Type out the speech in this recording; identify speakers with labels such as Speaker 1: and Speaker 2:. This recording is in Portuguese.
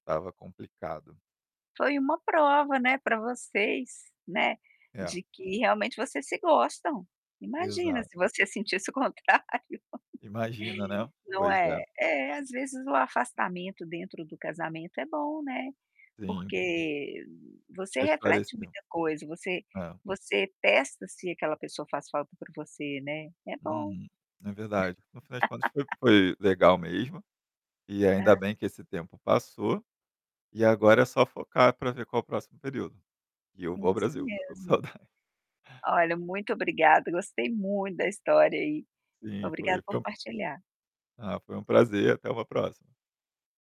Speaker 1: Estava complicado.
Speaker 2: Foi uma prova, né, para vocês, né,
Speaker 1: É.
Speaker 2: de que realmente vocês se gostam, imagina
Speaker 1: Exato.
Speaker 2: se você sentisse o contrário.
Speaker 1: Imagina, né.
Speaker 2: Não
Speaker 1: Pois é.
Speaker 2: é? É, às vezes o afastamento dentro do casamento é bom, né,
Speaker 1: Sim.
Speaker 2: porque você reflete
Speaker 1: Esclarecer.
Speaker 2: muita coisa você
Speaker 1: É.
Speaker 2: você testa se aquela pessoa faz falta por você, né, é bom.
Speaker 1: Hum. É verdade. No final de contas foi foi legal mesmo, e ainda
Speaker 2: É.
Speaker 1: bem que esse tempo passou, e agora é só focar para ver qual o próximo período. E eu vou ao
Speaker 2: Isso
Speaker 1: Brasil, que eu estou com saudades.
Speaker 2: mesmo. Olha muito obrigada gostei muito da história aí,
Speaker 1: Sim,
Speaker 2: obrigada
Speaker 1: foi
Speaker 2: por
Speaker 1: foi
Speaker 2: partilhar.
Speaker 1: Ah, foi uma prazer, até uma próxima.